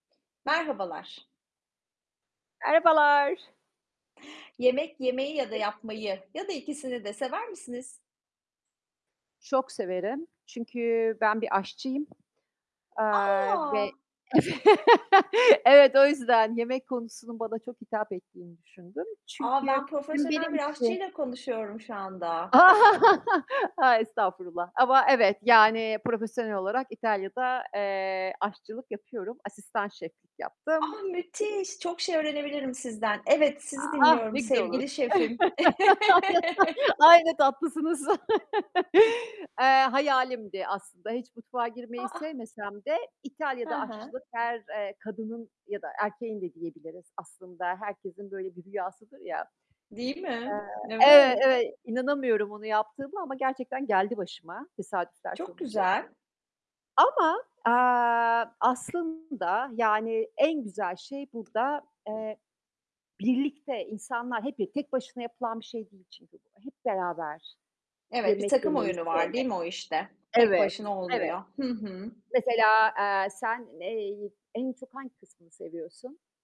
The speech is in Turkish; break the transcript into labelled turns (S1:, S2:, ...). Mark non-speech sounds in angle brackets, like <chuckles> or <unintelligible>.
S1: Merhabalar.
S2: Merhabalar.
S1: Yemek yemeyi ya da yapmayı
S2: <unintelligible>
S1: ya da ikisini de sever misiniz?
S2: Çok severim çünkü ben bir aşçıyım. Aaa, ve
S1: A!
S2: ev <laughs> evet, o yüzden yemek konusunun bana çok hitap ettiğini düşündüm.
S1: A,
S2: Çünkü
S1: ben
S2: hem
S1: profesyonel
S2: benim
S1: bir
S2: için
S1: aşçıyla konuşuyorum şu
S2: A!
S1: anda.
S2: <laughs> A, estağfurullah ama evet, yani profesyonel olarak İtalya'da, eee, aşçılık yapıyorum, asistan şeflik yaptım.
S1: Ah, müthiş, çok şey öğrenebilirim sizden. Evet, sizi
S2: Ah, ne
S1: dinliyorum
S2: güzel olur.
S1: sevgili şefim. <chuckles>
S2: <laughs> Ay, ne tatlısınız. <laughs> Eee, hayalimdi aslında, hiç mutfağa
S1: A,
S2: girmeyi
S1: a!
S2: sevmesem de
S1: He
S2: İtalya'da
S1: he.
S2: aşçılık her, eee, kadının ya da erkeğin de diyebiliriz aslında, herkesin böyle bir rüyasıdır ya. Aaa,
S1: Değil mi?
S2: evet,
S1: Evet.
S2: evet, inanamıyorum onu yaptığıma ama gerçekten geldi başıma tesadüfler
S1: Çok
S2: sonucu.
S1: güzel.
S2: Ama, aaa, aslında yani en güzel şey burada, eee, birlikte insanlar, hep bir tek başına yapılan bir şey değil çünkü bu, hep beraber
S1: Evet, bir
S2: yemek
S1: takım
S2: yemeyi
S1: oyunu var değil
S2: sevmek.
S1: mi o işte? Tek
S2: Evet,
S1: başına
S2: evet.
S1: olmuyor. Hı hı.
S2: Mesela, aaa, sen ey en çok hangi kısmını seviyorsun?